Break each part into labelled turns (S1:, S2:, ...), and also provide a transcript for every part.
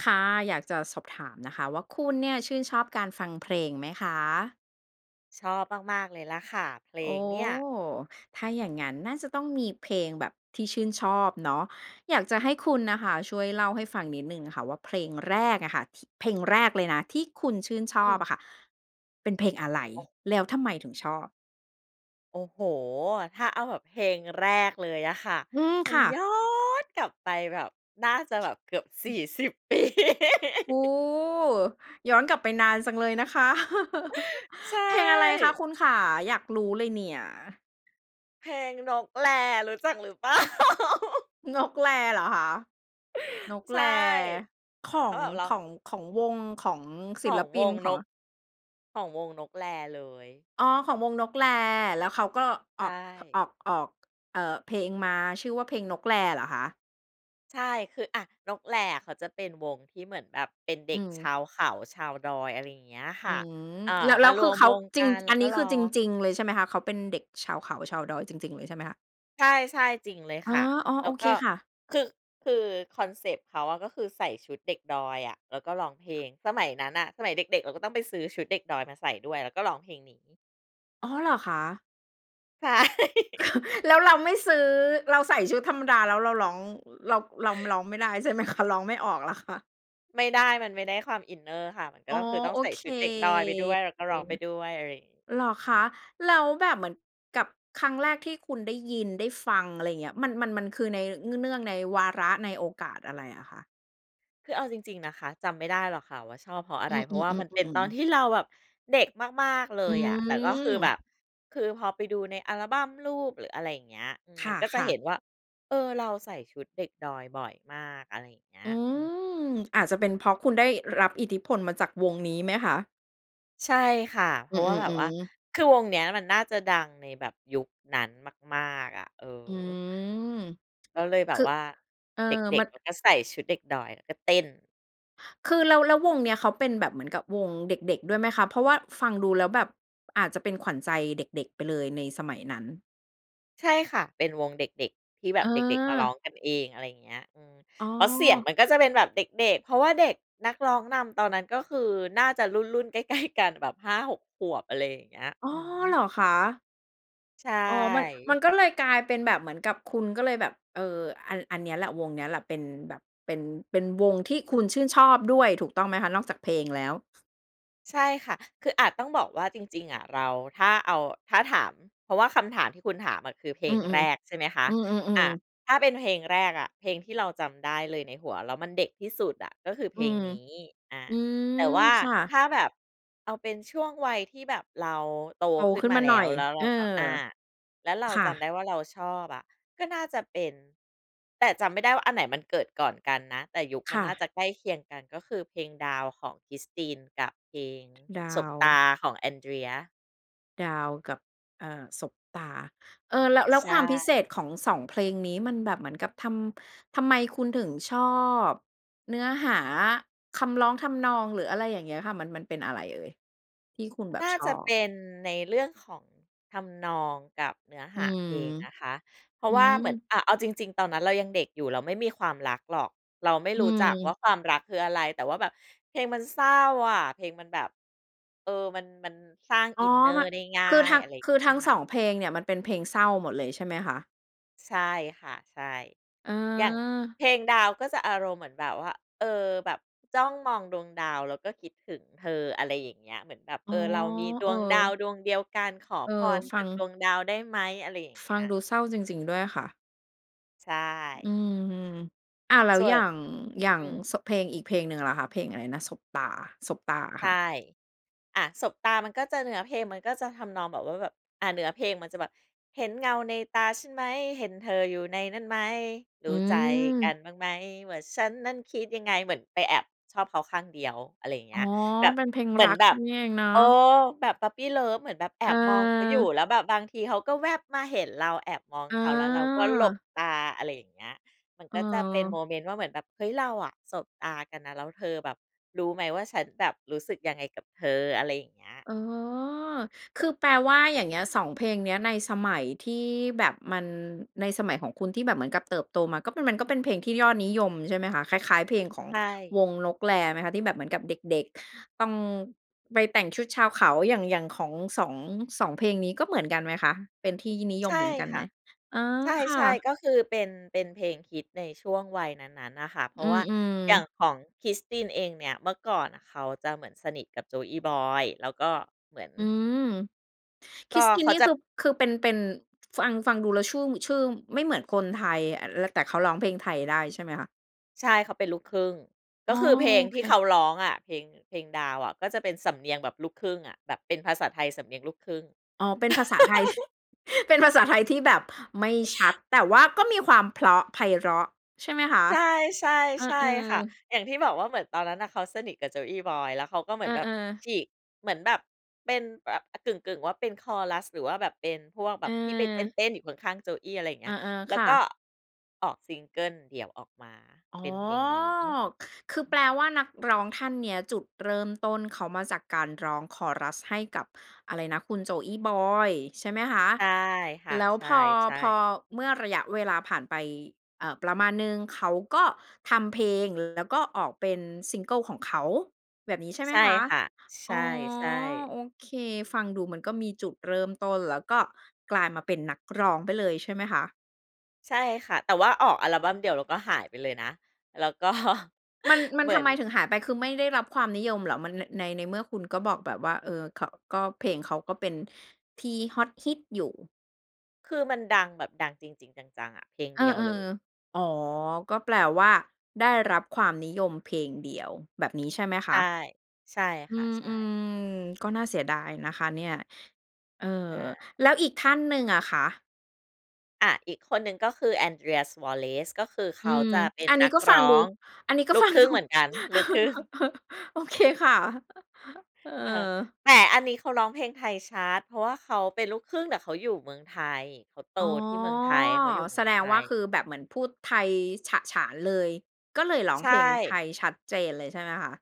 S1: ค่ะ อยากจะสอบถามนะคะว่า คุณเนี่ยชื่นชอบการฟังเพลงไหมคะ?
S2: ชอบมาก ๆ เลยแล้วค่ะ เพล
S1: โอ้
S2: งเนี่ย
S1: ถ้าอย่างงั้นน่าจะต้องมีเพลงแบบที่ชื่นชอบเนาะ อยากจะให้คุณน่ะค่ะ ช่วยเล่าให้ฟังนิดหนึ่งค่ะว่า เพลงแรกอะค่ะที เพลงแรกเลยนะ ที่คุณชื่นช
S2: อ
S1: อ
S2: ื
S1: บ
S2: ม
S1: อะค่ะเป็นเพลงอะไร?
S2: โอ้
S1: แล้วทำไมถึงชอบ?
S2: โอ้โฮ! ถ้าเอาแบบเพลงแรกเลยอะค่ะ
S1: อืม
S2: มั
S1: ค
S2: น
S1: ่
S2: ย้
S1: ะ
S2: อนกลับไปแบบ น่าจะแบบเกือบ 40 ปี
S1: โอ้! ย้อนกลับไปนานจังเลยนะคะ
S2: ใช
S1: เพลงอะไรคะ
S2: ่
S1: คุณขา อยากรู้เลยเนี่ย?
S2: เพลงนกแล รู้จักหรือ เปล่า?
S1: นกแลเหรอคะ? นก
S2: ใช
S1: แล
S2: ่
S1: ขอ
S2: แล้
S1: ง
S2: วแบบเร
S1: ข
S2: า
S1: อง ของวง ของศ
S2: ข
S1: ิ
S2: อ
S1: ล
S2: ง
S1: ป
S2: ว
S1: ิน
S2: ง
S1: ข
S2: น
S1: อง
S2: ก
S1: อ
S2: ของวงนกแลเลย
S1: อ๋อ ของวงนกแล แล้วเขาก็
S2: ใช
S1: ออก
S2: ่
S1: ออก ออก เอ่อ เพลงมาชื่อว่า เพลงนกแลเหรอคะ?
S2: ใช่ คือ อ่า นกแลอะเขาจะเป็นวงที่เหมือนแบบเป็นเด็
S1: อื
S2: กช
S1: ม
S2: าวเขา ชาวดอย อะไรอย่างเงี้ยค
S1: อื
S2: ่ะ
S1: ม
S2: เอ่อ
S1: แล้ว
S2: ม
S1: แล้
S2: า
S1: ว
S2: ร
S1: คื
S2: ว
S1: อ
S2: ม
S1: เข
S2: ว
S1: า
S2: ง
S1: จ
S2: ก
S1: ริง
S2: ัน แล้
S1: อั
S2: ว
S1: นน
S2: ก็
S1: ี้
S2: ร
S1: ค
S2: ้
S1: ื
S2: อ
S1: อจ
S2: ง
S1: ริง ๆ เลยใช่ไหมคะ เขาเป็นเด็กชาวเขา ชาวดอยจริง ๆ เลยใช่ไหมคะ?
S2: ใช่ ๆ จริงเลย
S1: อา
S2: ค่ะ
S1: อ๋อ
S2: แล
S1: โอ
S2: ้ว
S1: เ
S2: ก
S1: ค
S2: ็
S1: ค่ะ
S2: คือ คือคอนเซปต์เขาอะก็คือใส่ชุดเด็กดอยอะ แล้วก็ร้องเพลง สมัยนั้นน่ะ สมัยเด็ก ๆ เราก็ต้องไปซื้อชุดเด็กดอยมาใส่ด้วย แล้วก็ร้องเพลงนี้
S1: อ๋อ เหรอคะ
S2: ใช่
S1: แล้วเราไม่ซื้อ เราใส่ชุดธรรมดา แล้วเราร้อง เรา เราร้องไม่ได้ ใช่ไหมคะ ร้องไม่ออกเหรอคะ?
S2: ไม่ได้ มันไม่ได้ความอินเนอร์ค่ะ มันก็
S1: อ๋อ
S2: ต้อง คือต้อ
S1: โอ
S2: งใส่
S1: เค
S2: ชุดเด็กดอยไปด้วย แล้วก็
S1: อื
S2: ร้
S1: อ
S2: องไ
S1: ฮ
S2: ป
S1: ึ
S2: ด้วย อะไรอย่างงี้
S1: เหรอ
S2: อื
S1: ค
S2: ม
S1: ะ แล้วแบบเหมือน กับครั้งแรกที่คุณได้ยินได้ฟัง อะไรเงี้ย มัน มัน มันคือใน เนื่องในวาระ ในโอกาสอะไรอะคะ?
S2: คือเอาจริง ๆ นะคะ จำไม่ได้หรอกค่ะว่า ชอบเพราะอะ
S1: อ
S2: ไ
S1: ื
S2: ร เพราะว่ามันเป็น
S1: อ
S2: ตอ
S1: ๆ
S2: น
S1: ๆ ๆ
S2: ที่เราแบบเด็กมาก ๆ เล
S1: อื
S2: ยอะ แต่ก็คือแบบ
S1: อ
S2: คือพอไปดูในอัลบัมรูป หรืออะไรอย่างเงี้ย อืม
S1: ค
S2: มันก็จะ
S1: ่
S2: เ
S1: ะ
S2: ห
S1: ๆ
S2: ็นว่า เออ เราใส่ชุดเด็กดอยบ่อยมาก อะไรอย่างเงี้
S1: อ
S2: ย
S1: ื
S2: อืม
S1: อ อาจจะเป็นเพราะคุณได้รับอิทธิพลมาจากวงนี้ไหมคะ?
S2: ใช่ค่ะ เพ
S1: อ
S2: ร
S1: ื
S2: าะว่าแบบว่า
S1: อ ๆ ๆ
S2: คือวงเนี้ยมันน่าจะดังในแบบยุคนั้นมาก ๆ อะ เออ
S1: อือ
S2: ก็เลยแบ
S1: ค
S2: บ
S1: ือ
S2: ว่า
S1: เออ
S2: เด็
S1: ม
S2: ก
S1: ัน
S2: ๆ เราก็ใส่ชุดเด็กดอย แล้วก็เต้น
S1: คือแล้ว แล้ววงเนี้ยเขาเป็นแบบเหมือนกับวงเด็ก ๆ ด้วยไหมคะ? เพราะว่าฟังดูแล้วแบบอาจจะเป็นขวัญใจเด็ก ๆ ไปเลยในสมัยนั้น
S2: ใช่ค่ะ เป็นวงเด็ก ๆ ที่แบบเด็ก ๆ มาร้อ
S1: เออ
S2: งกันเอง อะไรอย่างเงี้ย อืม
S1: อ๋
S2: แล้วเสียง
S1: อ
S2: มันก็จะเป็นแบบเด็ก ๆ เพราะว่าเด็กนักร้องนำตอนนั้น ก็คือน่าจะรุ่น ๆ ใกล้ ๆ กัน แบบ 5-6 ขวบ อะไรอย่างเงี้ย
S1: อ้
S2: อ
S1: อ
S2: ื
S1: เ
S2: อ
S1: หรอคะ?
S2: ใช
S1: อ๋อ มัน มั
S2: ่
S1: นก็เลยกลายเป็นแบบเหมือนกับคุณก็เลยแบบ เออ อัน อันเนี้ยแหละ วงเนี้ยแหละ เป็นแบบ เป็น เป็นวงที่คุณชื่นชอบด้วย ถูกต้องไหมคะ? นอกจากเพลงแล้ว
S2: ใช่ค่ะ คืออาจ ต้องบอกว่าจริง ๆ อะ เรา ถ้าเอา ถ้าถาม เพราะว่าคำถามที่คุณถามอะ คือเพ
S1: อ
S2: ล
S1: ื
S2: ง
S1: อ
S2: แรก
S1: ๆ
S2: ใช่ไหมคะ
S1: อื
S2: อ
S1: อ
S2: ะ
S1: ๆ ๆ
S2: ถ้าเป็นเพลงแรกอะ เพลงที่เราจำได้เลยในหัว แล้วมันเด็กที่สุดอะ ก็คือเพ
S1: อื
S2: ลง
S1: อ
S2: นี้ อ่า
S1: อื
S2: แต
S1: ม
S2: ่ว่า
S1: ค่
S2: ถ
S1: ะ
S2: ้าแบบเอาเป็นช่วงวัยที่แบบเราโต
S1: โต
S2: ขึ้
S1: ข
S2: น
S1: ึ้น
S2: มา
S1: มา
S2: แล
S1: หน่
S2: ้
S1: อ
S2: ว
S1: ย
S2: แล้วเร
S1: เอ
S2: า
S1: อ
S2: ก็ อ่า แล้วเรา
S1: ค่
S2: จำได้
S1: ะ
S2: ว่าเราชอบอะ ก็น่าจะเป็น แต่จำไม่ได้ว่า อันไหนมันเกิดก่อนกันนะ แต่ยุคม
S1: ค
S2: ัน
S1: ่
S2: น่า
S1: ะ
S2: จะใกล้เคียงกัน ก็คือเพลงดาวของคริสติน กับเพลง
S1: ดา
S2: สบ
S1: ว
S2: ตาของแอนเดรีย
S1: ดาวกับ เอ่อ สบตา เออ แล้ว แล้
S2: ใ
S1: ว
S2: ช
S1: ความพิเศ
S2: ่
S1: ษของ 2 เพลงนี้ มันแบบเหมือนกับทำ ทำไมคุณถึงชอบ เนื้อหา คำร้อง ทำนอง หรืออะไรอย่างเงี้ยค่ะ มัน มันเป็นอะไรเอ่ย ที่คุณแบ
S2: น
S1: บ
S2: ่า
S1: ช
S2: จะ
S1: อ
S2: เป
S1: บ?
S2: ็นในเรื่องของทำนอง กับเนื้อ
S1: อ
S2: ห
S1: ื
S2: า
S1: ม
S2: เพลงนะคะ เพรา
S1: อ
S2: ะ
S1: ื
S2: ว่าเหมือน
S1: อ
S2: อ่า เอาจริง ๆ ตอนนั้นเรายังเด็กอยู่ เราไม่มีความรักหรอก เราไม่
S1: อื
S2: รู้จักว่
S1: อ
S2: า ความรักคืออะไร แต่ว่าแบบเพลงมันเศร้าอะ เพลงมันแบบ เออ มัน มันสร้าง
S1: อ๋
S2: อ
S1: อ
S2: ินเนอ
S1: ม
S2: ร์ได้ง่า
S1: คือท
S2: ย
S1: ั้ง
S2: อะไรอย่า
S1: ค
S2: ง
S1: ือ
S2: เงี้
S1: ท
S2: ย
S1: ั้ง
S2: ค่
S1: ส
S2: ะ
S1: อง เพลงเนี่ย มันเป็นเพลงเศร้าหมดเลยใช่ไหมคะ?
S2: ใช่ค่ะ ใช่
S1: เ
S2: อย่าง
S1: ออ
S2: เพลงดาว ก็จะอารมณ์เหมือนแบบว่า เออ แบบจ้องมองดวงดาว แล้วก็คิดถึงเธอ อะไรอย่างเงี้ย เหมือนแบบ
S1: อ
S2: เ
S1: ๋
S2: อ
S1: อ
S2: อ เรามีด
S1: เอ
S2: ว
S1: อ
S2: งดาวดวงเดียวกัน ขอ
S1: เออ
S2: พร
S1: ฟ
S2: จ
S1: ั
S2: ากด
S1: ง
S2: วงดาวได้ไหม อะไรอย่าง
S1: ฟ
S2: เงี้
S1: ัง
S2: ย
S1: ดูเศร้าจริง ๆ ด้วยค่ะ
S2: ใช
S1: อื
S2: ่
S1: อ อ้าว แล้ว
S2: ส่
S1: อย
S2: ว
S1: ่
S2: น
S1: าง อย่า
S2: อ
S1: ง
S2: ืม
S1: สบ เพลงอีกเพลงหนึ่งล่ะคะ เพลงอะไรนะ สบตา สบตาอะ
S2: ใช
S1: ค่
S2: ่
S1: ะ?
S2: อ่า สบตา มันก็จะเนื้อเพลง มันก็จะทำนองแบบว่า แบบ อ่า เนื้อเพลง มันจะแบบ เห็นเงาในตาฉันไหม เห็นเธออยู่ในนั้นไหม ร
S1: อื
S2: ู้ใจกั
S1: อ
S2: นบ้างไหมว่า ฉันนั้นคิดยังไง เหมือนไปแอบชอบเขาข้างเดียว อะไรอย่างเ
S1: อ
S2: งี
S1: ๋อ
S2: ้ย แบบ
S1: เป็นเพลง
S2: เหมื
S1: ร
S2: อ
S1: ั
S2: น
S1: ก
S2: แบบ
S1: นี่เองเนาะ
S2: เออ แบบ puppy love เหมือนแบบแอบมองเขาอยู
S1: เออ
S2: ่ แล้วแบบบางทีเขาก็แว่บมาเห็นเราแอบมอง
S1: อ
S2: เขา แล้วเราก็หล
S1: า
S2: บตา อะไรอย่างเงี้ย มัน
S1: เ
S2: ก็จะเป็นโม
S1: ออ
S2: เมนต์ว่า เหมือนแบบ "เฮ้ย เราอะสบตากันนะ แล้วเธอแบบรู้ไหมว่า ฉันแบบรู้สึกยังไงกับเธอ" อะไรอย่างเงี้ย
S1: อ๋อ คือแปลว่าอย่างเงี้ย 2 เพลงเนี้ยในสมัยที่แบบมัน ในสมัยของคุณที่แบบเหมือนกับเติบโตมาก็ มันก็เป็นเพลงที่ยอดนิยม ใช่ไหมคะ คล้าย ๆ เพลงของ
S2: ใช่
S1: วงนกแลไหมคะ ที่แบบเหมือนกับเด็ก ๆ ต้อง ไปแต่งชุดชาวเขา อย่าง อย่างของ 2 2 เพลงนี้ก็เหมือนกันไหมคะ เป็นที่นิย
S2: ใช
S1: ม
S2: ่
S1: เหมือนกัน
S2: ค
S1: ไห
S2: ่
S1: ม?
S2: ะ
S1: เออ
S2: ใ
S1: ค่
S2: ช่
S1: ะ
S2: ๆ ก็คือเป็น เป็นเพลงฮิตในช่วงวัยนั้น ๆ น่ะค่ะ เพร
S1: อ
S2: า
S1: ื
S2: ะว่าอย่า
S1: อ
S2: ง
S1: ๆ
S2: ของคริสตินเองเนี่ย เมื่อก่อนน่ะเขาจะเหมือนสนิทกับโจอี้บอย แล้วก็เหมือน
S1: อือ ค
S2: ก
S1: ริ
S2: ็
S1: สติน
S2: เข
S1: น
S2: า
S1: ี่
S2: จะ
S1: คือ คือเป็น เป็น ฟัง ฟังดูแล้ว ชื่อ ชื่อไม่เหมือนคนไทย อ ล แต่เขาร้องเพลงไทยได้ใช่ไหมคะ?
S2: ใช่ เขาเป็นลูกครึ่ง ก
S1: อ๋
S2: ็
S1: อ
S2: คือเพลง
S1: โอ
S2: ท
S1: เ
S2: ี่เข
S1: ค
S2: าร้องอะ เพลง เพลงดาวอะ ก็จะเป็นสำเนียงแบบลูกครึ่งอะ แบบเป็นภาษาไทยสำเนียงลูกครึ่ง
S1: อ๋อ เป็นภาษาไทย เป็นภาษาไทยที่แบบไม่ชัด แต่ว่าก็มีความเพราะไพเราะใช่ไหมคะ?
S2: ใช่ ใช่
S1: เออ
S2: ใช่ค่ะ
S1: ๆ
S2: อย่างที่บอกว่า เหมือนตอนนั้นน่ะเขาสนิทกับโจอี้บอย แล้วเขาก็เหม
S1: เ
S2: ื
S1: อ
S2: อน
S1: อ
S2: แบบ
S1: ๆ
S2: ฉีก เหมือนแบบเป็นแบะ กึ่ง ๆ ว่า เป็นคอรัส หรือว่าแบบเป็นพวกแบ
S1: เ
S2: บที่ไปเ
S1: ออ
S2: ต้น ๆ อยู่ข้าง ๆ โจอี้ อะไรอย่างเง
S1: เ
S2: ี
S1: อ
S2: ้
S1: อ
S2: ย แล้
S1: ๆ ค
S2: ว
S1: ่
S2: ก็
S1: ะ
S2: ออกซิงเกิลเดี่ยวออกมา
S1: อ๋
S2: เ
S1: อ
S2: ป็นเพลงนี้
S1: ค คือแปลว่านักร้องท่านเนี้ย จุดเริ่มต้นเขามาจากการร้องคอรัสให้กับอะไรนะ คุณโจอี้บอยใช่ไหมคะ?
S2: ใช่ค่ะ
S1: แล้ว
S2: ใ
S1: พอ
S2: ช่
S1: พอ
S2: ๆ
S1: เมื่อระยะเวลาผ่านไป อ่า ประมาณหนึ่ง เขาก็ทำเพลง แล้วก็ออกเป็นซิงเกิลของเขา แบบนี้ใช่ไห
S2: ใ
S1: ม
S2: ช่
S1: คะ?
S2: ค่ะ ใช
S1: อ๋อ
S2: ่
S1: โ
S2: ๆ
S1: อเค ฟังดูมันก็มีจุดเริ่มต้น แล้วก็กลายมาเป็นนักร้องไปเลยใช่ไหมคะ?
S2: ใช่ค่ะ แต่ว่าออกอัลบัมเดียว แล้วก็หายไปเลยนะ แล้ว ก็
S1: มัน มั
S2: เ
S1: น
S2: หมื
S1: ท
S2: อ
S1: ำ
S2: น
S1: ไมถึงหายไป คือไม่ได้รับความนิยมเหรอ มัน ใน ในเมื่อคุณก็บอกแบบว่า เออ ข ก็เพลงเขาก็เป็นที่ฮอตฮิตอยู่?
S2: คือมันดังแบบดังจริง ๆ จัง ๆ อะ เพลง
S1: เอ
S2: เด
S1: อ
S2: ียวเลย
S1: ๆ อ๋อ ก็แปลว่า ได้รับความนิยมเพลงเดียว แบบนี้ใช่ไหม
S2: ใช
S1: ค
S2: ่
S1: ะ?
S2: ใช่
S1: อื
S2: ค่ะ
S1: ม
S2: ใช
S1: อื
S2: ่
S1: อ ก็น่าเสียดายนะคะเนี่ย เอ่อ
S2: ค่
S1: แล้วอี
S2: ะ
S1: กท่านหนึ่งอะคะ?
S2: อะ อีกคนหนึ่งก็คือแอนเดรีย สวอเรซ ก็คือเ
S1: อ
S2: ข
S1: ื
S2: า
S1: ม
S2: จะเป็น
S1: อันนี
S2: น
S1: ้
S2: ัก
S1: ก็ฟ
S2: ร
S1: ัง
S2: ้
S1: ดู
S2: อง
S1: อันนี้ก็
S2: ลู
S1: ฟ
S2: ก
S1: ัง
S2: ครึ่
S1: ด
S2: ง
S1: ู
S2: เหมือนกัน ลูกครึ่ง
S1: โอเคค่ะ เออ
S2: เออ แต่อันนี้เขาร้องเพลงไทยชัด เพราะว่าเขาเป็นลูกครึ่ง แต่เขาอยู่เมืองไทย เขาโต
S1: อ๋อ
S2: ที่เมืองไทย เขาอยู่เม
S1: แ
S2: ื
S1: ส
S2: อง
S1: ด
S2: ไท
S1: งว่า ค
S2: ย
S1: ือแบบเหมือนพูดไทยฉะฉานเลย ก็เลยร้อ
S2: ใ
S1: ง
S2: ช
S1: เพลงไท
S2: ่
S1: ยชัดเจนเลยใช่ไหมคะ?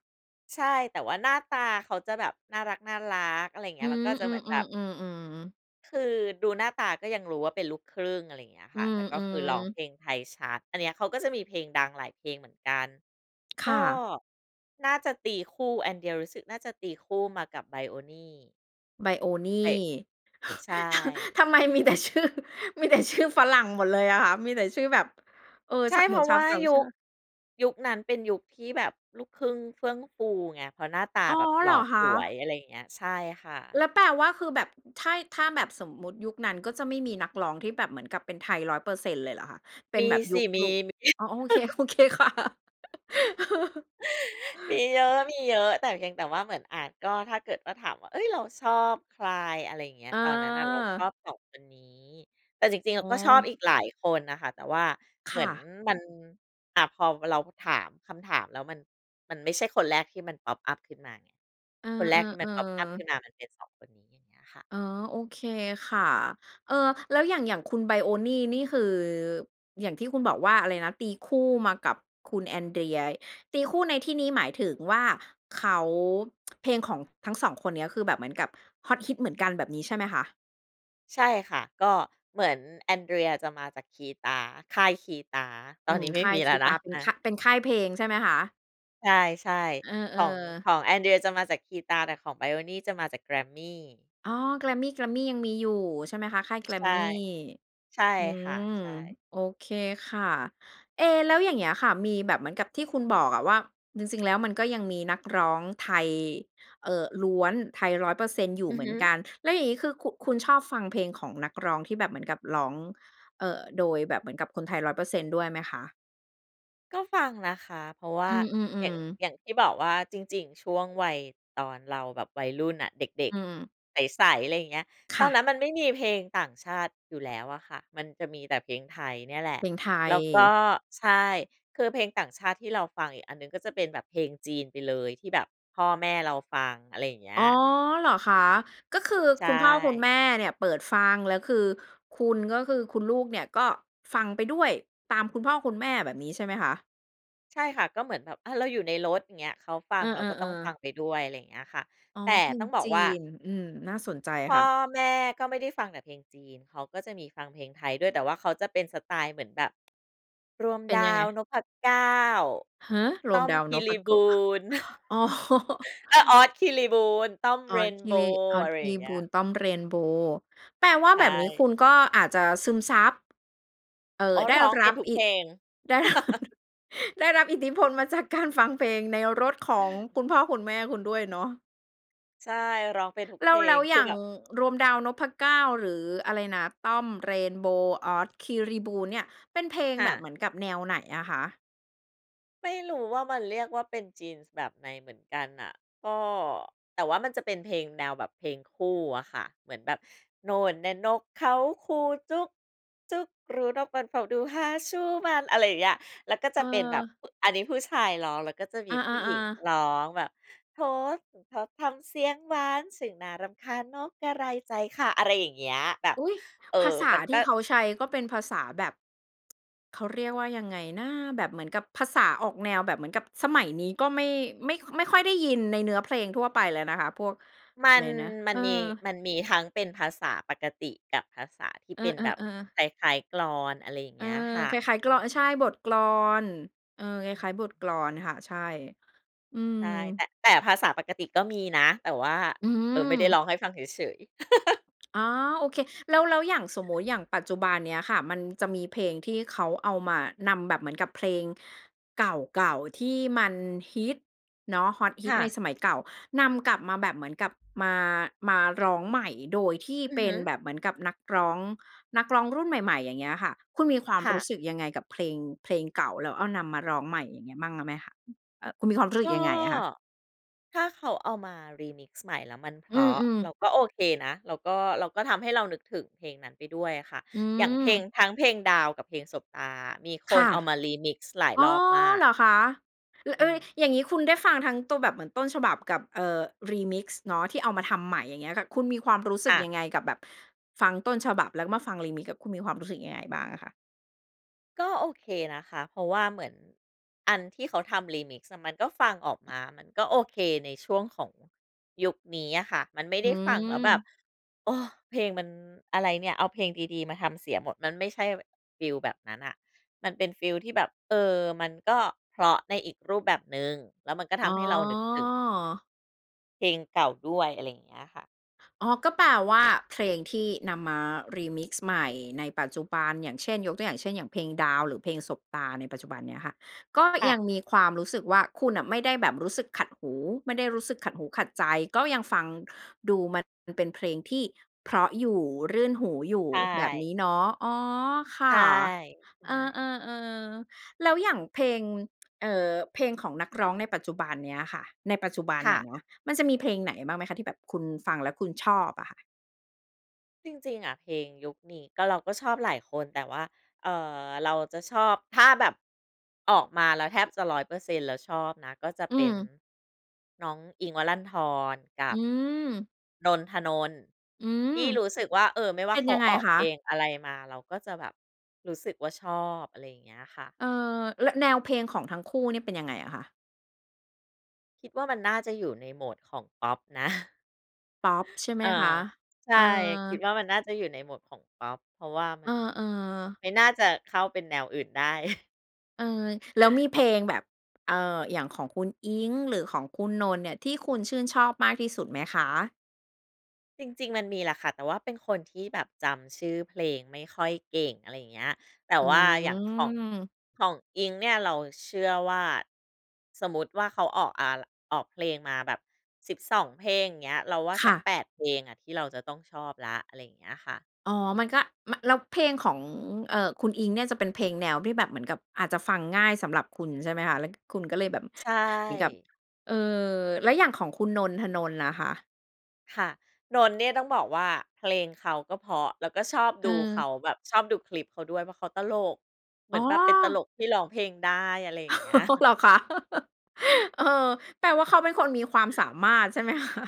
S2: ใช่ แต่ว่าหน้าตาเขาจะแบบน่ารัก ๆ อะไรอย่างเงี
S1: อ
S2: ้
S1: ื
S2: ย
S1: อ
S2: แล้วก็จะเหมือนแบบ
S1: ๆ ๆ ๆ ๆ
S2: คือดูหน้าตาก็ยังรู้ว่าเป็นลูกครึ่ง อะไรอย่างเงี้ย
S1: อื
S2: ค่ะ แต่ก็คือร้อง
S1: ม ๆ
S2: เพลงไทยชัด อันเนี้ยเขาก็จะมีเพลงดังหลายเพลงเหมือนกัน
S1: ค
S2: ก
S1: ่
S2: ็
S1: ะ
S2: น่าจะตีคู่ แอนเดรียรู้สึกน่าจะตีคู่มากับไบรโอนี่
S1: ไบรโอนี่
S2: ใช่ ใช่
S1: ทำไมมีแต่ชื่อ มีแต่ ชื่อฝรั่งหมดเลยอะค่ะ มีแต่ชื่อแบบ เอ่อ
S2: ใช
S1: ช
S2: ่
S1: เ
S2: เพ
S1: หมื
S2: ร
S1: อ
S2: า
S1: น
S2: ะ
S1: ช
S2: ว
S1: า
S2: ่
S1: ว
S2: า
S1: ต่าง
S2: ยุ
S1: ชา
S2: ค
S1: ติ
S2: ยุคนั้นเป็นยุคที่แบบลูกครึ่งเฟื่องฟูไง เพราะหน้าตา
S1: อ๋อ
S2: แบบ
S1: เ
S2: หล
S1: หร
S2: ่
S1: อ
S2: อ
S1: ค
S2: สวย
S1: ะ?
S2: อะไรอย่างเงี้ย ใช่ค่
S1: แ
S2: ะ
S1: ล้วแปลว่าคือแบบถ้า ถ้าแบบสมมุติยุคนั้นก็จะไม่มีนักร้องที่แบบเหมือนกับเป็นไทย 100% เลยเหรอคะ? เป
S2: ม
S1: ็น
S2: ี
S1: แบบ
S2: ส
S1: ยุ
S2: ิ
S1: ค
S2: ม
S1: ล
S2: ี
S1: ุก
S2: มี
S1: อ๋อ โอเค โอเคค่ะ
S2: มีเยอะ ๆ แต่เพียงแต่ว่าเหมือนอาจ ก็ถ้าเกิดว่าถามว่า เฮ้ย เราชอบใคร อะไรอย่างเงี้ย
S1: อ
S2: ตอนนั้นน่ะเราชอ
S1: า
S2: บ 2 คนนี้ แต่จริง ๆ อ
S1: อ๋
S2: ะ
S1: อ
S2: ก็ชอบอีกหลายคนน่ะค่ะ แต่ว่า
S1: ค
S2: เหมื
S1: ่
S2: อน
S1: ะ
S2: มัน อ่า พอเราถามคำถามแล้วมัน มันไม่ใช่คนแรกที่มัน พ็อปอัป ขึ้นมาไง
S1: เอ
S2: คนแรกที่มัน
S1: อ
S2: พ็อปอัป ขึ
S1: ๆ ๆ
S2: ้นมามันเป็น 2 คนนี้ อย่างเงี้ยค่ะ
S1: อ๋อ โอเคค่ะ เออ แล้วอย่าง อย่างคุณไบรโอนี่นี่คือ อย่างที่คุณบอกว่า อะไรนะ ตีคู่มากับคุณแอนเดรีย ตีคู่ในที่นี้หมายถึงว่าเขา เพลงของทั้ง 2 คนเนี้ย คือแบบเหมือนกับฮอตฮิตเหมือนกันแบบนี้ใช่ไหมคะ?
S2: ใช่ค่ะ ก็เหมือนแอนเดรียจะมาจากคีตา ค่ายคีตา ต
S1: อ
S2: อ
S1: ื
S2: นน
S1: ม
S2: ี้ไม
S1: ค
S2: ่
S1: ่า
S2: มี
S1: ยค
S2: แล้
S1: ี
S2: วน
S1: ต
S2: ะ
S1: า เป็
S2: อ
S1: น
S2: า
S1: ค่าย เป็นค่ายเพลงใช่ไหมคะ?
S2: ใช่
S1: เออ
S2: ๆ ของ
S1: ๆ
S2: ของแอนเดรียจะมาจากคีตา แต่ของไบรโอนี่จะมาจากแกรมมี่
S1: อ๋อ แกรมมี่ แกรมมี่ยังมีอยู่ใช่ไหมคะ? ค่ายแก
S2: ใ
S1: ร
S2: ช
S1: ม
S2: ่
S1: มี่
S2: ใช่
S1: อื
S2: ค่ะ
S1: ม
S2: ใช่
S1: โอเคค่ะ เอ๊ แล้วอย่างเงี้ยค่ะ มีแบบเหมือนกับที่คุณบอกอะว่า จริง ๆ แล้วมันก็ยังมีนักร้องไทย เอ่อ ล้วน ไทย 100% อยู่
S2: อื
S1: เ
S2: อ
S1: หมื
S2: ฮ
S1: อนก
S2: ึ
S1: ัน แล้วอย่างนี้ คือ คุ คุณชอบฟังเพลงของนักร้องที่แบบเหมือนกับร้อง เอ่อ โดยแบบเหมือนกับคนไทย 100% ด้วยไหมคะ?
S2: ก็ฟังนะคะ เพราะว่
S1: อื
S2: า อย่า
S1: ม
S2: ง
S1: ๆ ๆ
S2: อย่างที่บอกว่า จริง ๆ ช่วงวัยตอนเราแบบวัยรุ่นน่ะ เด็
S1: อ
S2: ก
S1: ืม
S2: ๆ ใส ๆ ไรเงี้ย
S1: ค
S2: ตอ
S1: ่
S2: นนั
S1: ะ
S2: ้นมันไม่มีเพลงต่างชาติอยู่แล้วอะค่ะ มันจะมีแต่เพลงไทยเนี่ยแหละ
S1: เพลงไท
S2: แล้วก็
S1: ย
S2: ใช่ คือเพลงต่างชาติที่เราฟังอีกอันหนึ่งก็จะเป็นแบบเพลงจีนไปเลย ที่แบบพ่อแม่เราฟัง อะไรอย่างเงี้
S1: อ๋อ
S2: ย
S1: เหรอคะ? ก็คือ
S2: ใช
S1: คุณพ่อคุณแม
S2: ่
S1: ่เนี่ยเปิดฟัง แล้วคือคุณก็คือคุณลูกเนี่ยก็ฟังไปด้วย ตามคุณพ่อคุณแม่ แบบนี้ ใช่ไหมคะ?
S2: ใช่ค่ะ ก็เหมือนแบบ อา เราอยู่ในรถ อย่างเงี้ย เขาฟั
S1: เ
S2: ง
S1: อ
S2: เราก็ต้อง
S1: อ
S2: ฟั
S1: ๆ ๆ
S2: งไปด้วย อะไรอย่างเงี้ยค่ะ
S1: อ๋อ
S2: แต่
S1: เพล
S2: ต้
S1: ง
S2: องบอก
S1: จี
S2: ว่า
S1: น อืม น่าสนใจ
S2: พ่
S1: ค่
S2: อ
S1: ะ
S2: แม่ก็ไม่ได้ฟังแต่เพลงจีน เขาก็จะมีฟังเพลงไทยด้วย แต่ว่าเขาจะเป็นสไตล์เหมือนแบบ รวม
S1: เป็
S2: ด
S1: น
S2: า
S1: ยังไง?
S2: วนพเก้า
S1: ฮะ? ร
S2: ต้
S1: วม
S2: อม
S1: ดาว
S2: ค
S1: น
S2: ีร
S1: พ
S2: ี
S1: โ
S2: บ
S1: ก
S2: ู
S1: ะ
S2: น
S1: อ๋อ
S2: เอ๊ย อ๊อด คีรีบูน ต้อม
S1: อ๊
S2: เร
S1: อด
S2: น
S1: ค
S2: โ
S1: ี
S2: บ
S1: รี
S2: ว
S1: อ
S2: ์
S1: ๊อ
S2: อ
S1: ด
S2: ะไร
S1: คี
S2: อย
S1: ร
S2: ่า
S1: ี
S2: งเง
S1: บ
S2: ี้
S1: ู
S2: ย
S1: น ต้อม เรนโบว์ แปลว่า
S2: ใช
S1: แบบนี้ค
S2: ่
S1: ุณก็อาจจะซึมซับ เอ่
S2: อ
S1: อ
S2: ๋อ
S1: ได้
S2: ร้อง
S1: ร
S2: เป็
S1: ั
S2: น
S1: บ
S2: ทุก
S1: อ
S2: เ
S1: ิ
S2: พ
S1: ด
S2: ลง
S1: ได้ ร ได้รับอิทธิพลมาจากการฟังเพลงในรถของคุณพ่อคุณแม่คุณด้วยเนาะ
S2: ใช่ ร้องเป็นทุก
S1: แล
S2: เพ
S1: ้ว
S2: ล
S1: แล้
S2: ง
S1: ว
S2: ค
S1: อย
S2: ือ
S1: ่าง
S2: แบบ
S1: รวม ดาวนพเก้า หรืออะไรนะ ต้อม เรนโบว์ อ๊อด คีรีบูน เนี่ย เป็นเพลง
S2: ค่
S1: แบบ
S2: ะ
S1: เหมือนกับแนวไหนอะคะ?
S2: ไม่รู้ว่ามันเรียกว่าเป็น Genes แบบไหนเหมือนกันน่ะ ก็ แต่ว่ามันจะเป็นเพลงแนวแบบเพลงคู่อะค่ะ เหมือนแบบ โน่นแน่ะนกเขาคู จุ๊ก จุ๊กกรู นกมันเฝ้าดู หาชู้มัน อะไรอย่างเงี้ย แล้วก็จะเป็นแบบ
S1: เออ
S2: อันนี้ผู้ชายร้อง แล้วก็จะม
S1: อ
S2: ี
S1: า
S2: ผู้หญิง
S1: ๆ ๆ
S2: ร้องแบบ โถโก่งคอทำเสียงหวาน ช่างน่ารำคาญ นกกระไรใจค่ะ อะไรอย่างเงี้ย แบบ
S1: อุ๊ย!
S2: เอ
S1: ภา
S2: อ
S1: ษา
S2: มัน
S1: ท
S2: ก
S1: ี่
S2: ็
S1: เขาใช้ก็เป็นภาษาแบบ เขาเรียกว่ายังไงนะ แบบเหมือนกับภาษาออกแนวแบบเหมือนกับสมัยนี้ ก็ไม่ ไม่ ไม่ค่อยได้ยินในเนื้อเพลงทั่วไปแล้วนะคะ พวก
S2: ม
S1: อ
S2: ั
S1: ะไ
S2: น
S1: รนะ
S2: ม
S1: เ
S2: ั
S1: อ
S2: น
S1: อ
S2: มี มันมีทั้งเป็นภาษาปกติ กับภาษาที่
S1: เอ
S2: เป็นแบบ
S1: อ ๆ ๆ
S2: คล้าย ๆ กลอน อะไรอย่าง
S1: เอ
S2: เง
S1: อ
S2: ี้ยค่ะ
S1: คล้าย ๆ กลอน ใช่ บทกลอน เออ คล้าย ๆ บทกลอนค่ะ ใช่ อืม
S2: ใช่ แต่ แต่ภาษาปกติก็มีนะ แต่ว่า
S1: อื
S2: เอ่อ ไม่ได้ร
S1: ม
S2: ้องให้ฟังเฉย ๆ
S1: อ๋อ โอเค แล้ว แล้วอย่างสมมุติ อย่างปัจจุบันเนี้ยค่ะ มันจะมีเพลงที่เขาเอามา นำ แบบเหมือนกับเพลงเก่า ๆ ที่มันฮิตเนาะ ฮอตฮิ
S2: ค
S1: ต
S2: ่
S1: ใน
S2: ะ
S1: สมัยเก่า นำกลับมาแบบเหมือนกับมา มาร้องใหม่ โดยที่
S2: อื
S1: เป
S2: อฮ
S1: ็น
S2: ึ
S1: แบบเหมือนกับนักร้อง นักร้องรุ่นใหม่ ๆ อย่างเงี้ยค่ะ คุณมีความ
S2: ค่
S1: รู
S2: ะ
S1: ้สึกยังไงกับเพลง เพลงเก่า แล้วเอา นำมาร้องใหม่ อย่างนี้บ้างแล้วไหมคะ? อืม อะ คุณมีความรู้สึ
S2: ก
S1: ก
S2: ็
S1: ยังไงอะคะ?
S2: ถ้าเขาเอามา Remix ใหม่แล้วมันเพ
S1: อื
S2: ราะ
S1: ม
S2: เร
S1: ๆ
S2: าก็โอเคนะ เราก็ เราก็ทำให้เรานึกถึงเพลงนั้นไปด้วยอะค่ะ
S1: อื
S2: อย่างเพลง
S1: ม
S2: ทั้งเพลงดาวกับเพลงสบตา มีค
S1: ค
S2: น
S1: ่ะ
S2: เอามา Remix หลาย
S1: อ๋อ
S2: รอบมาก
S1: เหรอคะ? ล
S2: อื
S1: เออ
S2: ม
S1: อย่างงี้คุณได้ฟังทั้งตัวแบบเหมือนต้นฉบับกับ เอ่อ Remix เนาะ ที่เอามาทำใหม่ อย่างเงี้ยค่ะ คุณมีความรู้ส
S2: ค
S1: ึก
S2: ่ะ
S1: ยังไงกับแบบฟังต้นฉบับ แล้วก็มาฟัง Remix กับคุณมีความรู้สึกยังไงบ้างอะคะ?
S2: ก็โอเคนะคะ เพราะว่าเหมือน อันที่เขาทำ Remix อะ มันก็ฟังออกมา มันก็โอเคในช่วงของ ยุคนี้อะค่ะ มันไม่
S1: อ
S2: ได้ฟังแล้วแบบ
S1: ืม
S2: โอ้ เพลงมัน อะไรเนี่ย เอาเพลงดี ๆ มาทำเสียหมด มันไม่ใช่แบบฟีลแบบนั้นน่ะ มันเป็นฟีลที่แบบ เออ มันก็เพราะในอีกรูปแบบหนึ่ง แล้วมันก็ท
S1: อ๋
S2: ำให้เรานึกถึง
S1: อ
S2: เพลงเก่าด้วย อะไรอย่างเงี้ยค่ะ
S1: อ๋อ ก็แปลว่า เพลงที่นำมา Remix ใหม่ในปัจจุบัน อย่างเช่น ยกตัวอย่างเช่น อย่างเพลง ดาว หรือเพลง สบตา ในปัจจุบันเนี้ยค่ะ ก็
S2: ค่
S1: ยัง
S2: ะ
S1: มีความรู้สึกว่า คุณน่ะไม่ได้แบบรู้สึกขัดหู ไม่ได้รู้สึกขัดหูขัดใจ ก็ยังฟัง ดูมันยังเป็นเพลงที่เพราะอยู่ รื่นหูอยู่
S2: ใช
S1: แบบนี
S2: ่
S1: ้เนาะ อ๋อ ค
S2: ใช
S1: ่
S2: ่
S1: ะ
S2: ใช
S1: เออ
S2: ่
S1: ๆ ๆ แล้วอย่างเพลง เอ่อ เพลงของนักร้องในปัจจุบันเนี้ยค่ะ ในปัจจุบัน
S2: ค
S1: น
S2: ่
S1: ่
S2: ะ
S1: ะนะ มันจะมีเพลงไหนบ้างไหมคะ? ที่แบบคุณฟังแล้วคุณชอบอะค่ะ
S2: จริง ๆ อะ เพลงยุคนี้ ก็ เราก็ชอบหลายคน แต่ว่า เอ่อ เราจะชอบ ถ้าแบบ ออกมาแล้วแทบจะ 100% แล้วชอบนะ ก็จะ
S1: อื
S2: เป็น
S1: ม
S2: น้องอิ้งค์ วรันธร กั
S1: อื
S2: บ
S1: ม
S2: นนท์ ธนนท์
S1: อืม
S2: ที่รู้สึกว่า เออ ไม่ว
S1: เ
S2: ่
S1: ป
S2: า
S1: ็น
S2: เข
S1: ยั
S2: า
S1: งไง
S2: ออก
S1: คะ?
S2: เพลงอะไรมา เราก็จะแบบรู้สึกว่า ชอบ อะไรอย่างเงี้ยค่ะ
S1: เออ และ แนวเพลง ของทั้งคู่ เนี่ย เป็นยังไงอะคะ?
S2: คิดว่า มันน่าจะอยู่ในโหมด ของพอปนะ
S1: พอปใช่ไหม
S2: อ่า
S1: คะ?
S2: ใช
S1: เอ
S2: ่ คิด
S1: อ
S2: ว่ามันน่าจะอยู่ในโหมดของพอป เพราะว่า
S1: เ
S2: มั
S1: ออ
S2: น
S1: ๆ
S2: ไม่น่าจะเข้าเป็นแนวอื่นได้
S1: เออ แล้วมีเพลงแบบ เอ่อ อย่างของคุณอิ้งค์ หรือของคุณนนท์เนี่ย ที่คุณชื่นชอบมากที่สุดไหมคะ?
S2: จริง ๆ มันมีแหละค่ะ แต่ว่าเป็นคนที่แบบจำชื่อเพลงไม่ค่อยเก่ง อะไรอย่างเงี้ย แต่
S1: อื
S2: ว่าอย่างของ
S1: ม
S2: ของอิ้งค์เนี่ย เราเชื่อว่า สมมติว่า เขาออกอัล ออกเพลงมาแบบ 12 เพลงอย่างเงี้ย เราว่า
S1: ค
S2: สั
S1: ่
S2: ก
S1: ะ
S2: 8 เพลงอะที่เราจะต้องชอบแล้ว อะไรอย่างเงี้ยค่ะ
S1: อ๋อ มันก็ ม แล้วเพลงของ เอ่อ คุณอิ้งค์เนี่ย จะเป็นเพลงแนวที่แบบเหมือนกับอาจจะฟังง่ายสำหรับคุณใช่ไหมคะ? แล้วคุณก็เลยแบบ
S2: ใช
S1: เหมือนกับ
S2: ่
S1: เออ แล้วอย่างของคุณนนท์ ธนนท์น่ะค่ะ
S2: ค่ะ นนท์เนี่ย ต้องบอกว่าเพลงเขาก็เพราะ แล้วก็ชอบ
S1: เ
S2: ดูเข
S1: ออ
S2: าแบบชอบดูคลิปเขาด้วย เพราะเขาตลก เหม
S1: อ
S2: ื
S1: ๋
S2: อ
S1: อ
S2: นแบบเป็นตลกที่ร้องเพลงได้อะไรอย่างเงี้ย
S1: เหรอคะ? เออ แปลว่าเขาเป็นคนมีความสามารถใช่ไหม คะ?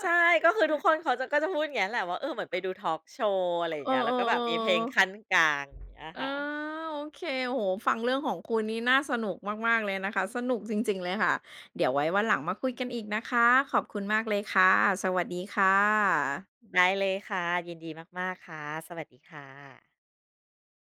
S2: ใช่ ก็คือทุกคนเขาจ ก็จะพูดอย่างนี้แหละว่า เออ เหมือนไปดูทอล์กโชว์ อะไรอย่า
S1: เอ
S2: งเ
S1: อ
S2: งี้ย แล้วก็แบบมีเพลงขั้น
S1: ๆ
S2: กลางอย่างเงี้ย
S1: ๆ อา
S2: ค่ะ
S1: โอเค โอ้โฮ ฟังเรื่องของคุณนี่น่าสนุกมาก ๆ เลยนะคะ สนุกจริง ๆ เลยค่ะ เดี๋ยวไว้วันหลังมาคุยกันอีกนะคะ ขอบคุณมากเลยค่ะ สวัสดีค่ะ
S2: ได้เลยค่ะ ยินดีมาก ๆ ค่ะ สวัสดีค่ะ